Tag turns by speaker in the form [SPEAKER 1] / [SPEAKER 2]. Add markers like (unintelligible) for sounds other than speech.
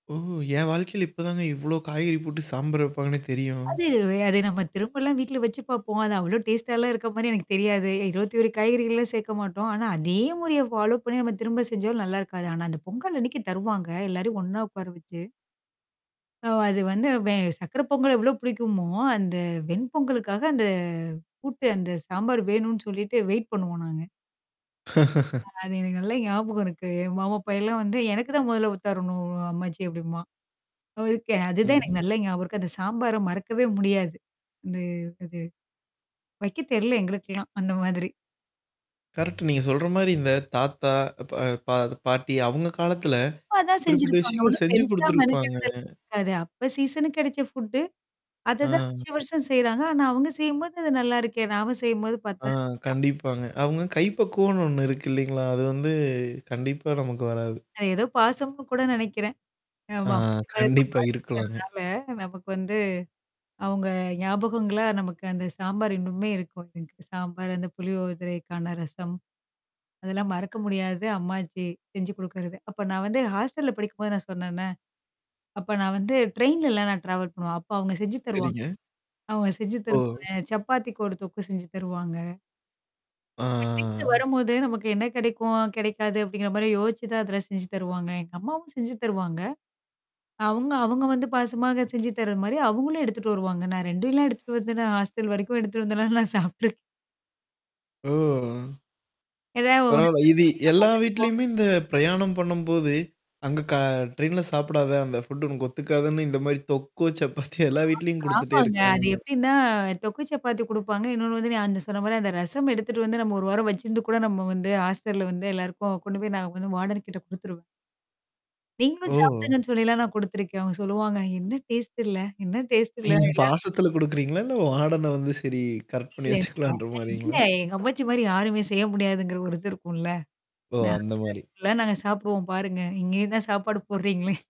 [SPEAKER 1] ஓ! என் வாழ்க்கையில இப்பதாங்க இவ்வளோ காய்கறி போட்டு சாம்பார் வைப்பாங்கன்னே தெரியும்.
[SPEAKER 2] அது அது நம்ம திரும்பலாம் வீட்ல வச்சு பார்ப்போம். அது அவ்வளோ டேஸ்ட்டாலாம் இருக்க மாரி எனக்கு தெரியாது. 21 காய்கறிகள்லாம் சேர்க்க மாட்டோம். ஆனா அதே முறைய ஃபாலோ பண்ணி நம்ம திரும்ப செஞ்சாலும் நல்லாருக்காது. ஆனா அந்த பொங்கல் அன்னைக்கு தருவாங்க எல்லாரையும் ஒண்ணா உட்கார வச்சு. அது வந்து வெ சர்க்கரை பொங்கல் எவ்ளோ பிடிக்குமோ, அந்த வெண் பொங்கலுக்காக அந்த கூட்டு அந்த சாம்பார் வேணும்னு சொல்லிட்டு வெயிட் பண்ணுவோம். நாங்க.
[SPEAKER 1] (laughs)
[SPEAKER 2] ஆனா அது எனக்கு நல்லா ஞாபகம் இருக்கு. என் மாமாப்பையன்ல்லாம் வந்து எனக்கு தான் மொதல்ல ஊத்திரணும் அம்மாச்சி அப்படிம்பான். அது ஓகே அதுதான்
[SPEAKER 1] ம்.
[SPEAKER 2] எனக்கு நல்லா ஞாபகம் இருக்கு அந்த சாம்பார மறக்கவே முடியாது. வந்து அது வைக்க தெர்ல எங்களுக்கெல்லாம் அந்த மாதிரி.
[SPEAKER 1] கரெக்ட். நீங்க சொல்ற மாரி இந்த தாத்தா, பா பா பாட்டி அவுங்க காலத்துல,
[SPEAKER 2] சும்மாதான்
[SPEAKER 1] குறிப்பிட்ட
[SPEAKER 2] செஞ்சிருப்பாங்க.
[SPEAKER 1] விஷயங்கள்
[SPEAKER 2] அவ்ளோ
[SPEAKER 1] செஞ்சு
[SPEAKER 2] பெருசா
[SPEAKER 1] குடுத்துருப்பாங்க.
[SPEAKER 2] மெனக்கெடுதல் இருக்காது. அது அப்ப சீசனுக்கு கிடைச்ச ஃபுட்டு. அததான்
[SPEAKER 1] அ.
[SPEAKER 2] வருஷம் வருஷம் செய்றாங்க. ஆனா அவங்க செய்யும்போது அது நல்லாருக்கே. நாம செய்யும்போது
[SPEAKER 1] ஆ
[SPEAKER 2] பத்தாது.
[SPEAKER 1] கண்டிப்பாங்க.
[SPEAKER 2] (unintelligible)
[SPEAKER 1] அவங்க கைப்பக்குவம்ன்னு ஒண்ணு இருக்கு. இல்லலைங்களா? அது வந்து கண்டிப்பா நமக்கு வராது.
[SPEAKER 2] அது ஏதோ பாசம்னு கூட நினைக்கிறேன்.
[SPEAKER 1] ஆ,
[SPEAKER 2] ஆமா (unintelligible)
[SPEAKER 1] கண்டிப்பா இருக்கலாங்க.
[SPEAKER 2] பாசங்கறனால நமக்கு வந்து, அவங்க ஞாபகங்களா நமக்கு அந்த சாம்பார் இன்னுமே இருக்கும். எனக்கு. சாம்பார், அந்த புளியோதரைக்கான ரசம். அதெல்லாம் மறக்க முடியாது அம்மாச்சி செஞ்சு குடுக்கறது. அப்ப நான் வந்து ஹாஸ்டல்ல படிக்கும்போது நான் சொன்னேன்னா. அப்ப நான் வந்து ட்ரெயின்லலாம் நான் ட்ராவல் பண்ணுவேன். அப்ப அவங்க செஞ்சு தருவாங்
[SPEAKER 1] சரிங்க.
[SPEAKER 2] அவங்க செஞ்சு
[SPEAKER 1] ஓ.
[SPEAKER 2] தருவாங்க. சப்பாத்திக்கு ஒரு தொக்கு செஞ்சு தருவாங்க.
[SPEAKER 1] ஆ,
[SPEAKER 2] அவுங்க வீட்ல
[SPEAKER 1] ஆ, ஆ.
[SPEAKER 2] வரும்போது நமக்கு என்ன கிடைக்கும், கிடைக்காது அப்படிங்கிற மாரி யோசிச்சு தான் அதில செஞ்சு தருவாங்க. எங்க அம்மாவும் செஞ்சு தருவாங்க. அவங்க அவுங்க வந்து பாசமாக செஞ்சு தரது மாரி அவங்களும் எடுத்துட்டு வருவாங்க. நான் 2லாம் எடுத்துட்டு வந்தே நான் ஹாஸ்டல் வரைக்கும் எடுத்துட்டு வந்துல்லா நான் சாப்ட்ருக்கே
[SPEAKER 1] ஓ!
[SPEAKER 2] ஏதாவ ஒரு
[SPEAKER 1] பரவால்ல. இது எல்லா வீட்லயுமே இந்த
[SPEAKER 2] (unintelligible)
[SPEAKER 1] பிரயாணம் பண்ணும்போது, அங்க க ட்ரெயின்ல சாப்பிடாதே அந்த ஃபுட் உனக்கு ஒத்துக்காதுன்னு இந்த மாரி தொக்கும் சப்பாத்தியும்
[SPEAKER 2] ஆ.
[SPEAKER 1] எல்லா வீட்லயும் குடுத்துட்டே
[SPEAKER 2] ஆமாங்க. அது
[SPEAKER 1] இருக்காங்க.
[SPEAKER 2] எப்படின்னா தொக்கு சப்பாத்தி குடுப்பாங்க. இன்னொன்னு வந்து நான் அந்த சொன்ன மாரி அந்த ரசம் எடுத்துட்டு வந்து நம்ம 1 வாரம் வச்சிருந்து கூட நம்ம வந்து ஹாஸ்டல்ல வந்து எல்லாருக்கும் கொண்டு போய் நான் வந்து வார்டன் கிட்ட குடுத்துருவே நீங்களும்
[SPEAKER 1] ஓ!
[SPEAKER 2] சாப்பிடுங்கன்னு சொல்லிலாம் நான் குடுத்துருக்கேன். அவங்க சொல்லுவாங்க. என்ன டேஸ்ட் இல்ல? என்ன டேஸ்ட் இல்ல எல்லாம்
[SPEAKER 1] நீங்க
[SPEAKER 2] (unintelligible)
[SPEAKER 1] பாசத்தல குடுக்குறீங்களா? இல்ல வாடன வந்து சரி கரெக்ட் பண்ணி
[SPEAKER 2] இல்ல, இல்ல.
[SPEAKER 1] வச்சுக்கலான்ற
[SPEAKER 2] அ இல்ல
[SPEAKER 1] மாரிங்களா?
[SPEAKER 2] எங்க அம்மாச்சி மாரி யாருமே செய்ய முடியாதுங்கிற ஒரு இது இருக்கும்ல.
[SPEAKER 1] ஓ!
[SPEAKER 2] ந
[SPEAKER 1] அந்த மாரி.
[SPEAKER 2] எல்லாம் நாங்க சாப்பிடுவோம் பாருங்க. இங்கேய தான் சாப்பாடு போடுறீங்களே. (chuckles)